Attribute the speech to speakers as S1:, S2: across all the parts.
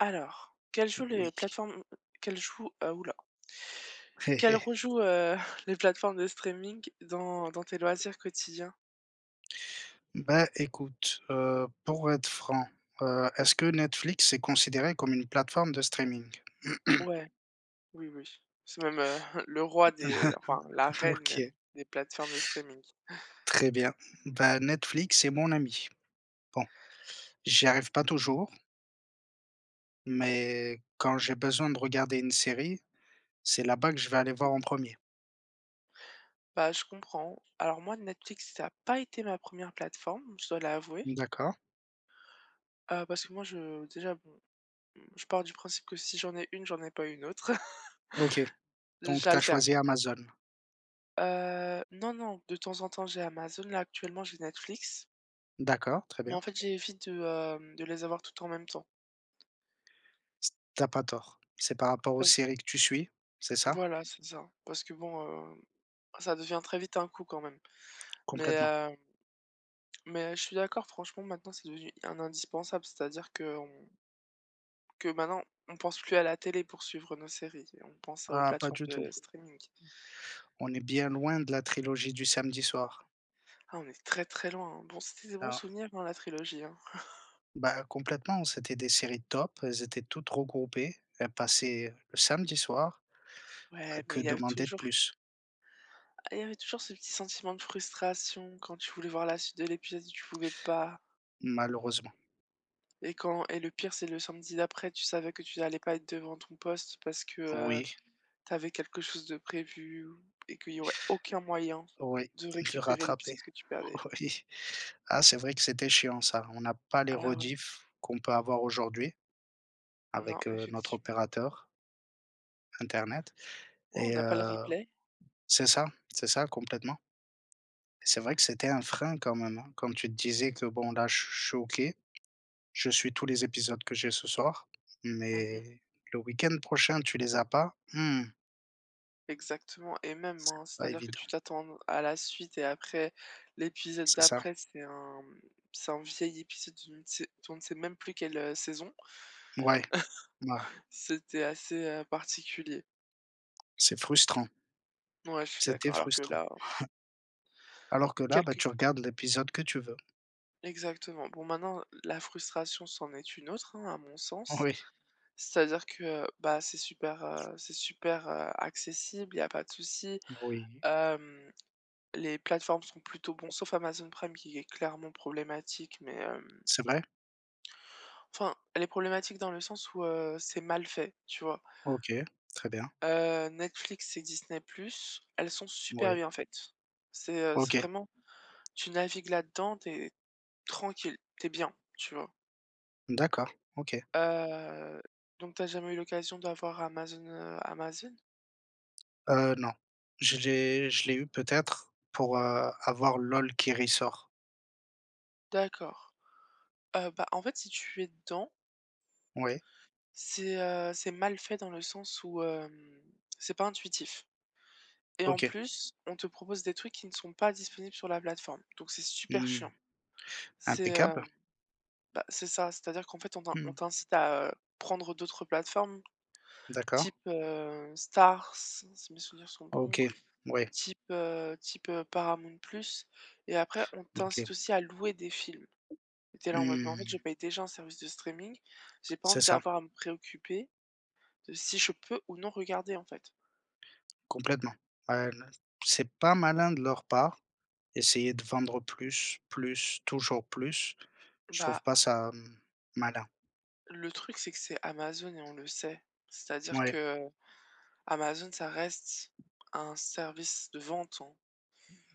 S1: Alors quelles jouent les
S2: Oui.
S1: plateformes quelles jouent, heu houla, quelles rejouent, heu, les plateformes de streaming dans dans tes loisirs quotidiens?
S2: Bah, écoute, heu, pour être franc, heu, est-ce que Netflix est considéré comme une plateforme de streaming?
S1: Ouais, oui oui, c'est même, heu, le roi des enfin la
S2: Ah
S1: reine même
S2: OK.
S1: des plateformes de streaming.
S2: Très bien, bah, Netflix c'est mon ami. Bon j'y arrive pas toujours mais quand j'ai besoin de regarder une série, c'est là-bas que je vais aller voir en premier.
S1: Bah je comprends. Alors moi, Netflix, ça a pas été ma première plateforme, je dois l'avouer
S2: D'accord.
S1: Ah parce que moi je déjà bon, je pars du principe que si j'en ai une, j'en ai pas une autre.
S2: OK. Donc tu as
S1: J'alterne.
S2: choisi Amazon.
S1: Heu, non, non, de temps en temps, j'ai Amazon. Là, actuellement, j'ai Netflix
S2: D'accord, très
S1: mais
S2: bien.
S1: en fait, j'évite, heu, de les avoir toutes en même temps.
S2: C tu as pas tort. C'est par rapport aux
S1: Bah z
S2: séries que tu suis, c'est ça?
S1: Voilà, c'est ça, parce que bon, heu, ça devient très vite un coup, quand même, mais,
S2: Complètement.
S1: hem mais heu, je suis d'accord, franchement, maintenant, c'est devenu un indispensable. C'est-à-dire qu'on que maintenant, on pense plus à la télé pour suivre nos séries, on pense aux
S2: Ah, pas
S1: plateformes
S2: du tout.
S1: de streaming.
S2: On est bien loin de la trilogie du samedi soir.
S1: Ah, on est très, très loin hein. Bon, c'était des bons
S2: Ah!
S1: souvenirs, hein, dans la trilogie, hein.
S2: Bah, heu, complètement. C'était des séries top, elles étaient toutes regroupées, elles passaient le samedi soir,
S1: Ouais, mais
S2: que
S1: il y avait
S2: demander de
S1: toujours
S2: plus?
S1: et il y avait toujours ce petit sentiment de frustration quand tu voulais voir la suite de l'épisode, tu pouvais pas.
S2: Malheureusement.
S1: Et quand et le pire c'est le samedi d'après, tu savais que tu n'allais pas être devant ton poste parce que, heu,
S2: Oui.
S1: tu avais quelque chose de prévu ou et qu'il y aurait aucun moyen
S2: Oui,
S1: de
S2: le
S1: récupérer
S2: rattraper,
S1: l'épisode que tu perdais.
S2: oui. Ah, c'est vrai que c'était chiant ça, on n'a pas les
S1: Ah ouais.
S2: rediffusions qu'on peut avoir aujourd'hui,
S1: Non,
S2: avec heu, notre
S1: effectivement.
S2: opérateur. Internet
S1: Ouais, on
S2: et
S1: n'a pas le
S2: heu,
S1: replay.
S2: c'est ça, c'est ça, complètement c'est vrai que c'était un frein quand même, hein, comme tu le disais que, bon, là, je suis je suis OK, je suis tous les épisodes que j'ai ce soir,
S1: Mmh mh.
S2: mais le week-end prochain, tu les as pas, mmh
S1: Exactement et même,
S2: c'est
S1: hein,
S2: pas
S1: c'est-à-dire que
S2: évident.
S1: tu t'attends à n à la suite et après l'épisode
S2: C'est ça.
S1: d'après, c'est un, mmh, c'est un vieil épisode, tu ne sais d'on ne sait même plus quelle, heu, saison.
S2: Mouais, ouais.
S1: C'était assez, heu, particulier.
S2: C'est frustrant.
S1: Ouais, je suis
S2: C'était
S1: d'accord, alors que
S2: frustrant.
S1: là
S2: Alors que là, bah,
S1: quelques
S2: tu regardes l'épisode que tu veux.
S1: Exactement, bon, maintenant la frustration, c'en est une autre, hein, à mon sens,
S2: Oui.
S1: c'est-à-dire que, bah, c'est super, heu, c'est super, heu, accessible, il y a pas de souci.
S2: Oui.
S1: Hem, les plateformes sont plutôt bon sauf Amazon Prime qui est clairement problématique mais, hem
S2: C'est vrai?
S1: enfin, elle est problématique dans le sens où, heu, c'est mal fait, tu vois?
S2: OK, très bien.
S1: Heu, Netflix et Disney +, elles sont super
S2: Moui.
S1: bien faites. C'est, heu, c'est
S2: OK.
S1: vraiment tu navigues là-dedans, tu es tranquille, tu es bien, tu vois?
S2: D'accord, OK.
S1: Heu, donc tu as jamais eu l'occasion d'avoir Amazon, heu, Amazon?
S2: Heu, non, je j'ai je l'ai eu peut-être pour, heu, avoir Lol qui ressort.
S1: D'accord, heu, bah, en fait, si tu es dedans
S2: Ouais.
S1: c'est, heu, c'est mal fait dans le sens où, hem, c'est pas intuitif. Et en
S2: OK.
S1: plus, on te propose des trucs qui ne sont pas disponibles sur la plateforme. Donc c'est super
S2: Mmh,
S1: chiant. C'est, heu
S2: impeccable.
S1: bah, c'est ça, c'est-à-dire qu'en fait, on t'in on
S2: Mmh.
S1: t'incite à prendre d'autres plateformes,
S2: D'accord.
S1: type, heu, Stars, si mes souvenirs sont
S2: Ah
S1: bons
S2: OK, ouais.
S1: type, heu type, heu, Paramount + et après on t'incite
S2: OK.
S1: aussi à louer des films, tu es là, en mode: «Mais en fait, je
S2: Mmh.
S1: paye déjà un service de streaming, j'ai pas
S2: C'est
S1: envie
S2: ça.
S1: d'avoir à me préoccuper de si je peux ou non regarder, en fait».
S2: Complètement, heu, là, c'est pas malin de leur part, essayer de vendre plus, plus, toujours plus, je trouve
S1: Bah
S2: pas ça, hem, malin.
S1: Le truc c'est que c'est Amazon et on le sait.
S2: M
S1: C'est-à-dire
S2: ouais.
S1: que, heu, Amazon, ça reste un service de vente, hein.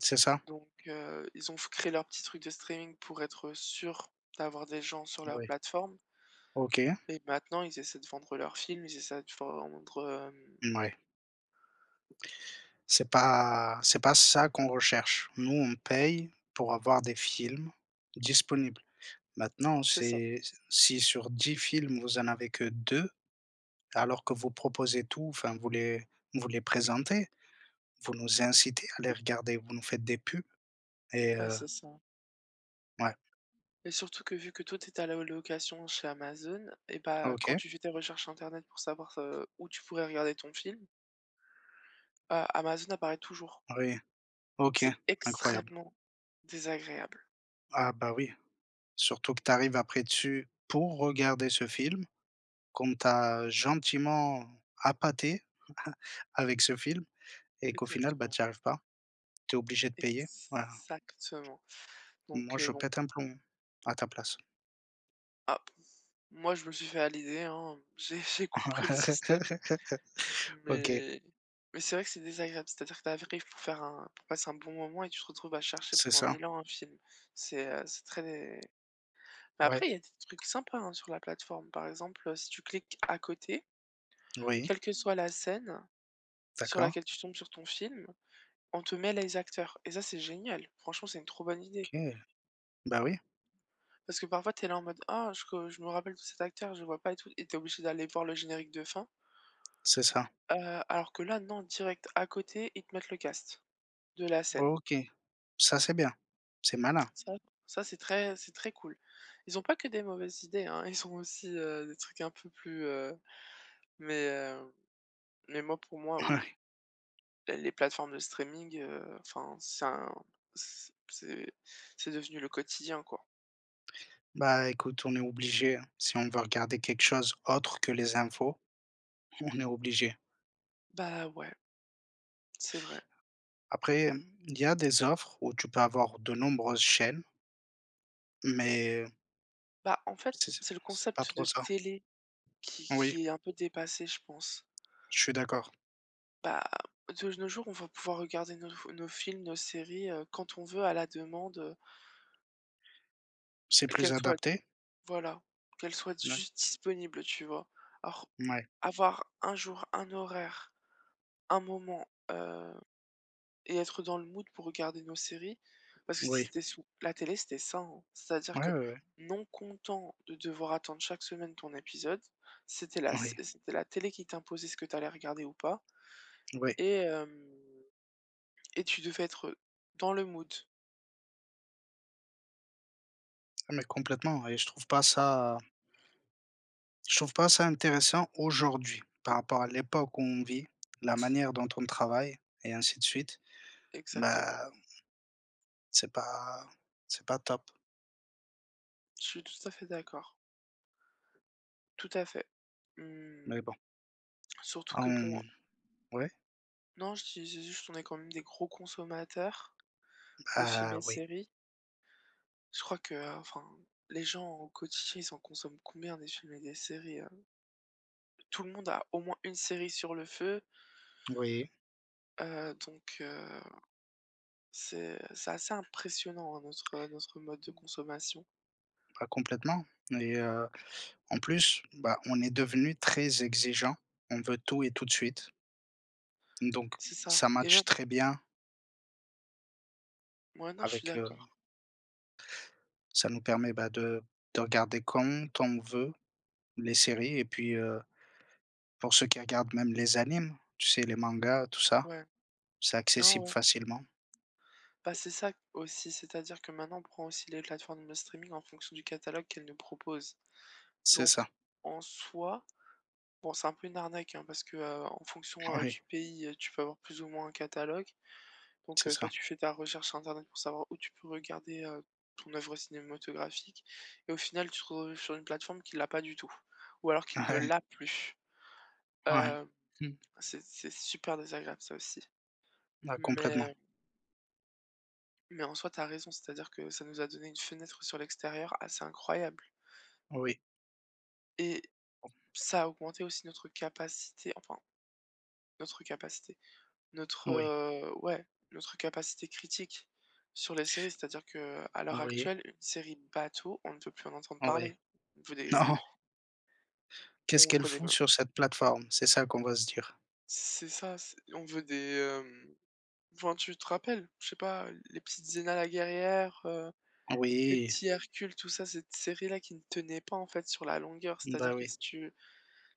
S2: C'est ça.
S1: Donc heu, ils ont f créé leur petit truc de streaming pour être sûr d'avoir des gens sur leur
S2: Oui.
S1: plateforme.
S2: OK.
S1: Et maintenant, ils essaient de vendre leurs films, ils essaient de vendre, hem
S2: Mouais. C'est pas c'est pas ça qu'on recherche. Nous, on paye pour avoir des films disponibles. Maintenant,
S1: C'est ça.
S2: c'est si, sur 10 films vous en avez que 2, alors que vous proposez tout, enfin, vous les vous les présentez, vous nous incitez à les regarder, vous nous faites des pubs et
S1: Bah,
S2: heu
S1: c'est ça.
S2: Ouais.
S1: Et surtout que, vu que toi, tu étais à la location chez Amazon et bah quand
S2: OK.
S1: tu fais tes recherches internet pour savoir, heu, où tu pourrais regarder ton film heu, Amazon apparaît toujours.
S2: Oui,
S1: Donc,
S2: OK,
S1: c'est
S2: incroyable.
S1: extrêmement désagréable.
S2: Ah bah, oui, surtout que tu arrives après dessus pour regarder ce film qu'on t'a gentiment appâté, avec ce film et qu'au final, bah,
S1: Exactement.
S2: t'y arrives pas, tu es obligé de payer, voilà.
S1: Exactement,
S2: Moi
S1: donc heu,
S2: je
S1: bon
S2: pète un plomb, à ta place.
S1: Ah p moi, je me suis fait à l'idée, hein, heu, j'ai j'ai compris le système,
S2: OK.
S1: mais mais c'est vrai que c'est désagréable, c'est-à-dire tu arrives pour faire un pour passer un bon moment et tu te retrouves à chercher
S2: C'est
S1: pendant
S2: ça.
S1: 1 000 ans un film, c'est, heu, c'est très mais
S2: Ouais.
S1: après, il y a des trucs sympas, hein, sur la plateforme, par exemple, heu, si tu cliques à côté
S2: Oui.
S1: quelle que soit la scène, heu, sur
S2: D'accord.
S1: laquelle tu tombes sur ton film, on te met les acteurs et ça, c'est génial franchement, c'est une trop bonne idée.
S2: OK, bah oui.
S1: Parce que parfois, tu es là, en mode, ah, je re je me rappelle de cet acteur, je vois pas et tout, et tu es obligé d'aller voir le générique de fin.
S2: C'est ça.
S1: Heu, alors que là, non, direct à côté, ils te mettent le casting de la scène.
S2: OK, ça c'est bien, c'est malin.
S1: Ça ça, c'est très c'est très cool. Ils ont pas que des mauvaises idées, hein, ils ont aussi, heu, des trucs un peu plus, heu, mais heu, mais moi pour moi, oui, heu
S2: Ouais.
S1: ben les plateformes de streaming, heu, enfin c'est un c c'est c'est devenu le quotidien, quoi.
S2: Bah, écoute, on est obligé, hein, si on veut regarder quelque chose autre que les infos, on est obligé.
S1: Bah ouais. C'est vrai.
S2: Après, hem, il y a des offres où tu peux avoir de nombreuses chaînes mais
S1: Bah, en fait,
S2: c'est s
S1: c'est le
S2: c'est pas
S1: concept de
S2: trop ça.
S1: télé qui
S2: Oui.
S1: qui est un peu dépassé, je pense
S2: Je suis d'accord.
S1: bah, de nos jours, on va pouvoir regarder nos f nos films, nos séries, heu, quand on veut à la demande, heu
S2: C'est plus
S1: qu'elle soit
S2: adapté?
S1: voilà, qu'elle soit
S2: D'acc
S1: juste disponible, tu vois? Alors,
S2: Ouais.
S1: avoir un jour, un horaire. Un moment, heu, et être dans le mood pour regarder nos séries. Parce que
S2: Oui.
S1: c'était sous la télé, c'était ça en c'est-à-dire
S2: Ouais,
S1: que,
S2: ouais, ouais.
S1: non content de devoir attendre chaque semaine ton épisode, c'était la c
S2: Oui.
S1: c'était la télé qui t'imposait ce que tu allais regarder ou pas,
S2: Oui.
S1: et hem, et tu devais être dans le mood.
S2: Mais complètement, et je trouve pas ça je trouve pas ça intéressant aujourd'hui, par rapport à l'époque où on vit la manière dont on travaille, et ainsi de suite,
S1: Exactement.
S2: ben, c'est pas c'est pas top.
S1: Je suis tout à fait d'accord. Tout à fait.
S2: Mais
S1: Mmh.
S2: bon.
S1: Surtout que bon, heu
S2: Hem, ouais?
S1: Non, je disais juste qu'on est quand même des gros consommateurs, de films et
S2: Bah,
S1: de
S2: oui.
S1: séries. Je crois que, heu, enfin, les gens au quotidien, ils en consomment combien des films et des séries? Heu, tout le monde a au moins une série sur le feu.
S2: Oui.
S1: Heu, donc, heu, c'est c'est assez impressionnant hein, notre, heu, notre mode de consommation.
S2: Bah complètement et heu, en plus, bah, on est devenu très exigeants. On veut tout et tout de suite. Donc
S1: C'est ça
S2: ça
S1: et même
S2: matche très bien
S1: Ouais, non, je suis
S2: avec heu
S1: d'accord.
S2: ça nous permet, bah, de de regarder quand on veut les séries et puis, heu, pour ceux qui regardent même les animes, tu sais les mangas, tout ça,
S1: Ouais.
S2: c'est
S1: Non,
S2: accessible
S1: ouais.
S2: facilement.
S1: Bah, c'est ça, aussi. C'est-à-dire que maintenant, on prend aussi les plateformes de streaming en fonction du catalogue qu'elles nous proposent.
S2: C'est
S1: Donc
S2: ça.
S1: en soi, bon, c'est un peu une arnaque, hein, parce que, heu, en fonction, heu,
S2: Oui.
S1: du pays, heu, tu peux avoir plus ou moins un catalogue. Donc
S2: C'est
S1: heu, toi,
S2: ça.
S1: tu fais ta recherche sur internet pour savoir où tu peux regarder, heu, ton œuvre cinématographique et au final, tu te retrouves sur une plateforme qu'il l'a pas du tout ou alors qu'il ne
S2: Ouais.
S1: l'a plus,
S2: Ouais.
S1: heu,
S2: Mmh.
S1: c'est c'est super désagréable ça aussi.
S2: Ah complètement.
S1: Mais Mais en soi, tu as raison, c'est-à-dire que ça nous a donné une fenêtre sur l'extérieur assez incroyable
S2: Oui.
S1: et ça a augmenté aussi notre capacité, enfin notre capacité notre,
S2: Oui.
S1: heu, ouais, notre capacité critique sur les séries, c'est-à-dire que à l'heure
S2: Oui.
S1: actuelle, une série bateau on ne peut plus en entendre
S2: Oui,
S1: parler on veut des
S2: non. Qu'est-ce
S1: on
S2: qu'elle
S1: fera des
S2: fout
S1: m
S2: sur cette plateforme? C'est ça qu'on va se dire.
S1: C'est ça, c'est on veut des, hem, enfin tu te rappelles, je sais pas les petites Xena la guerrière, heu, les
S2: Oui.
S1: petits Hercules tout ça cette série-là qui ne tenait pas en fait sur la longueur,
S2: Ben
S1: c'est-à-dire que
S2: oui.
S1: si tu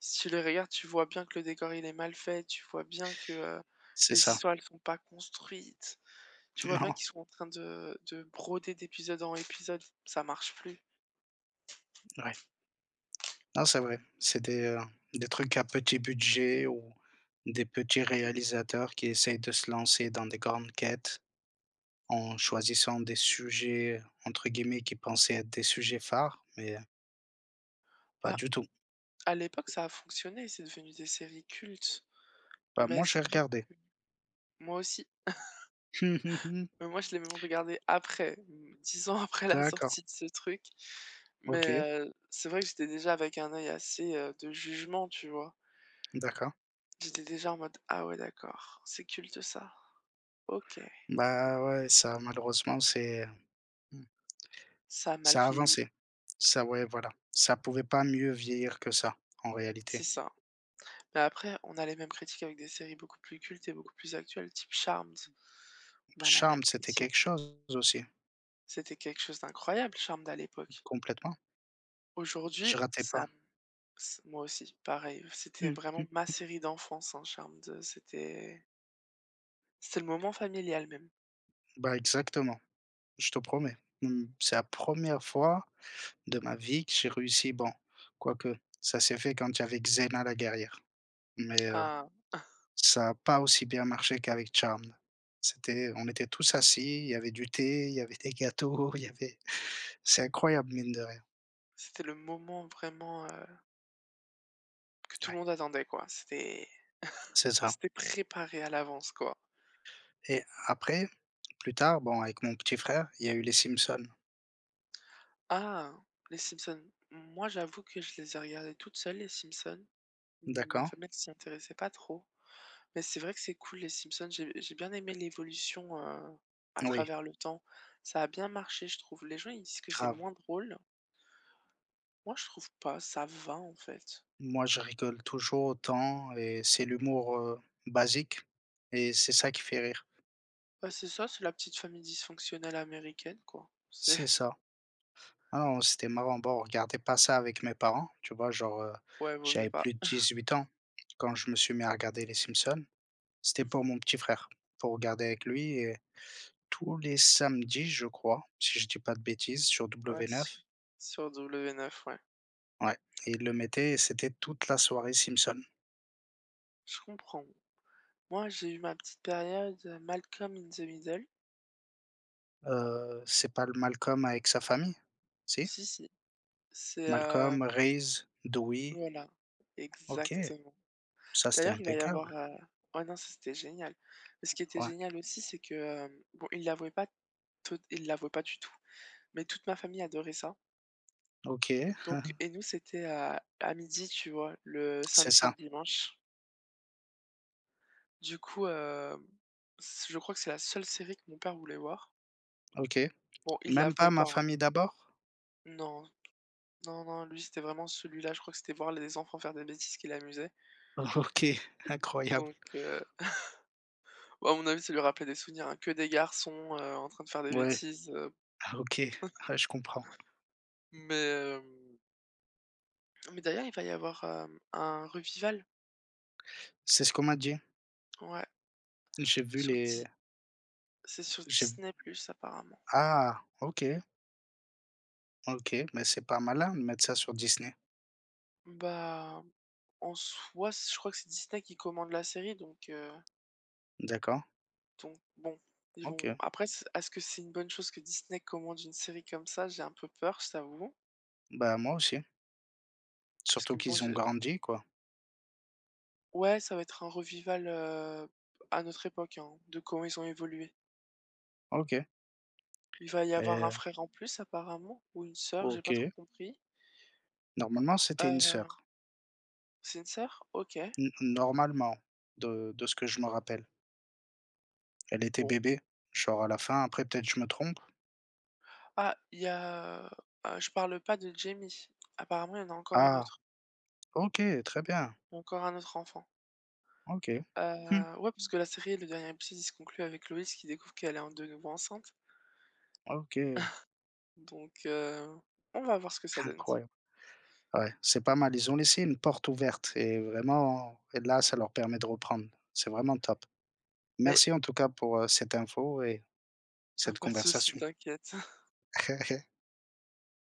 S1: si tu les regardes, tu vois bien que le décor, il est mal fait, tu vois bien que, heu,
S2: C'est
S1: les
S2: ça.
S1: histoires elles sont pas construites, tu vois bien
S2: Non.
S1: qu'ils sont en train de de broder d'épisode en épisode, ça marche plus.
S2: Ouais. Non c'est vrai, c'est des, heu, des trucs à petit budget ou des petits réalisateurs qui essaient de se lancer dans des grandes quêtes. En choisissant des sujets, heu, entre guillemets qui pensaient être des «sujets phares» mais Pas
S1: Bah,
S2: du tout.
S1: à l'époque, ça a fonctionné, c'est devenu des séries cultes,
S2: Bah,
S1: mais
S2: moi, j'ai
S1: c'est vrai
S2: regardé.
S1: que moi aussi. Mais moi, je l'ai même regardée après, 10 ans après la
S2: D'accord.
S1: sortie de ce truc.
S2: OK.
S1: Mais heu, c'est vrai que j'étais déjà avec un œil assez, heu, de jugement, tu vois?
S2: D'accord.
S1: J'étais déjà en mode: «Ah ouais, d'accord, c'est culte ça? OK.»
S2: Ben, ouais, ça, malheureusement, c'est, heu, mmh
S1: Ça a mal
S2: ça a
S1: vieilli.
S2: avancé, ça ouais, voilà, ça pourrait pas mieux vieillir que ça, en
S1: C'est
S2: réalité.
S1: ça. Mais après, on a les mêmes critiques avec des séries beaucoup plus cultes et beaucoup plus actuelles, type Charmed. On a la même
S2: Charmed, c'était quelque
S1: critique.
S2: chose aussi.
S1: C'était quelque chose d'incroyable, Charmed à l'époque.
S2: Complètement.
S1: Aujourd'hui
S2: Je ratais
S1: ça
S2: pas.
S1: me ça moi aussi, pareil, c'était
S2: Mmh mh
S1: vraiment ma
S2: mh.
S1: série d'enfance, hein, Charmed, c'était c'était le moment familial même.
S2: Bah, exactement. Je te promets, mmh mh, c'est la 1re fois de ma vie que j'ai réussi bon, quoi que ça s'est fait quand il y avait Xena la guerrière, mais, heu,
S1: Ah!
S2: ça a pas aussi bien marché qu'avec Charmed. C'était on était tous assis, il y avait du thé, il y avait des gâteaux, il y avait c'est incroyable, mine de rien.
S1: C'était le moment vraiment, heu que tout
S2: Ouais.
S1: le monde attendait quoi, c'était
S2: C'est ça.
S1: c'était préparé à l'avance quoi.
S2: Et après plus tard bon avec mon petit frère, il y a eu les Simpsons.
S1: Ah les Simpsons, moi j'avoue que je les ai regardé toute seule les Simpsons, ma
S2: D'accord.
S1: famille elle s'y intéressait pas trop mais c'est vrai que c'est cool les Simpsons, j'ai j'ai bien aimé l'évolution, heu, à
S2: N oui.
S1: travers le temps, ça a bien marché je trouve les gens, ils disent que c'est
S2: Grave.
S1: moins drôle moi, je trouve pas, ça va, en fait.
S2: Moi, je rigole toujours autant et c'est l'humour, heu, basique et c'est ça qui fait rire.
S1: Bah, c'est ça, c'est la petite famille dysfonctionnelle américaine quoi, c'est
S2: C'est ça. Ah non, c'était marrant bon on regardait pas ça avec mes parents, tu vois? Genre, heu,
S1: Ouais, vaut mieux
S2: j'avais
S1: pas.
S2: plus de 18 ans quand je me suis mis à regarder les Simpsons, c'était
S1: Mmh
S2: pour
S1: mh.
S2: mon petit frère pour regarder avec lui et tous les samedis je crois, si je dis pas de bêtises sur
S1: Ouais
S2: W9.
S1: c'est s sur W9 ouais.
S2: Ouais, il le mettait et c'était toute la soirée Simpson.
S1: Je comprends. Moi, j'ai eu ma petite période, heu, Malcolm in the Middle.
S2: Heu, c'est pas le Malcolm avec sa famille? Si?
S1: Si, si. C'est, hem
S2: Malcolm, Reese, Dewey.
S1: Voilà,
S2: OK.
S1: exactement.
S2: Ça, c'était
S1: D'ailleurs il va y avoir
S2: impeccable.
S1: heu, ouais, non, ça c'était génial, et ce qui était
S2: Ouais.
S1: génial aussi c'est que, hem, bon, ils l'avouaient pas toute ils l'avouaient pas du tout, mais toute ma famille adorait ça
S2: OK.
S1: donc, et nous c'était à à 12:00, tu vois? Le
S2: C'est
S1: samedi et
S2: ça.
S1: le dimanche. Du coup, hem, s je crois que c'est la seule série que mon père voulait voir.
S2: OK,
S1: Bon, il
S2: même pas
S1: l'avouait
S2: Ma
S1: pas hein.
S2: famille d'abord?
S1: Non. Non, non, non, lui, c'était vraiment celui-là. Je crois que c'était voir les enfants faire des bêtises qui l'amusait.
S2: OK, incroyable.
S1: Donc, heu, ouais, à mon avis, ça lui rappelait des souvenirs hein, que des garçons, heu, en train de faire des
S2: Ouais.
S1: bêtises, heu
S2: Ah OK. Ah je comprends.
S1: Mais hem mais d'ailleurs, il va y avoir, hem, un revival.
S2: C'est ce qu'on m'a dit.
S1: Ouais.
S2: J'ai vu
S1: Sur
S2: les
S1: di c'est sur
S2: J'aime
S1: Disney+ apparemment.
S2: Ah OK. OK, mais c'est pas malin de mettre ça sur Disney.
S1: Bah, en soi, s je crois que c'est Disney qui commande la série donc, heu
S2: D'accord.
S1: donc bon, ils vont
S2: OK.
S1: après, s est-ce que c'est une bonne chose que Disney commande une série comme ça? J'ai un peu peur, je t'avoue
S2: Bah, moi aussi
S1: parce que
S2: surtout
S1: bon,
S2: qu'ils ont
S1: j'ai
S2: grandi, quoi.
S1: Ouais, ça va être un revival, heu, à notre époque, hein, de comment ils ont évolué
S2: OK.
S1: il va y avoir
S2: Et
S1: un frère en plus, apparemment, ou une sœur, j'ai pas trop
S2: OK.
S1: compris
S2: Normalement, c'était une
S1: heu
S2: sœur.
S1: C'est une soeur, OK.
S2: N normalement, de de ce que je me rappelle elle était
S1: Bon.
S2: bébé, genre à la fin, après peut-être je me trompe.
S1: Ah, il y a, heu heu, je parle pas de Jamie, apparemment, il y en a encore une
S2: Ah!
S1: autre
S2: OK, très bien.
S1: encore un autre enfant.
S2: OK. Mmh.
S1: Heu, ouais, parce que la série, le dernier épisode, il se conclut avec Loïs qui découvre qu'elle est en de nouveau enceinte
S2: OK.
S1: donc heu, on va voir ce que ça donne t
S2: Incroyable. Ouais, c'est pas mal, ils ont laissé une porte ouverte et vraiment là, ça leur permet de reprendre, c'est vraiment top.
S1: Mais
S2: Merci en tout cas pour heu, cette info et
S1: Ah,
S2: cette
S1: pas de souci,
S2: conversation.
S1: t'inquiète.